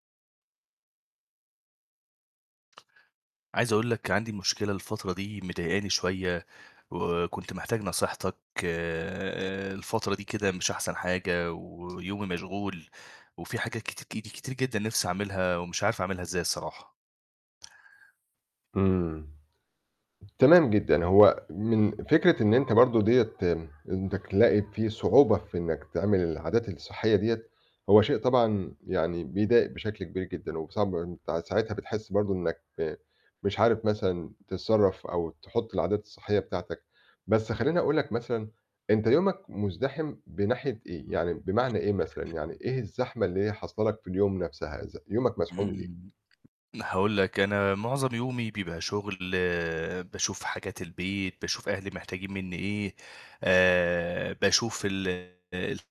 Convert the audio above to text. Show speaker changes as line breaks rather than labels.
عايز أقول لك، عندي مشكلة الفترة دي مضايقني شويّة، وكنت محتاج نصيحتك. آآ، الفترة دي كده مش أحسن حاجة، ويومي مشغول، وفي حاجات كتي كت كتير جدًا نفْسي عاملها، ومش عارف أعملها إزاي الصراحة.
إمم. تمام جدًا، هو من فكرة إن أنت برضه ديّة [unintelligible] تلاقي في صعوبة في إنّك تعمل العادات الصحية دِيّة، هو شيء طبعًا يعني بيضايق بشكل كبير جدًا، وب صعب أنت ساعتها بتحس برضه إنّك مش عارف مثلًا تتصرّف، أو تحط العادات الصحية بتاعتك. بس خلّيني أقول لك مثلًا، أنت يومك مزدحم بناحية إيه؟ يعني بمعنى إيه مثلًا، يعني إيه الزحمة اللي هي حاصله لك في اليوم نفسها؟ ذ يومك مزحوم ليه؟
إمم، هاقول لك، أنا معظم يومي بيبقى شغل، باشوف حاجات البيت، باشوف أهلي محتاجين مِنّي إيه، آآ، باشوف ال ال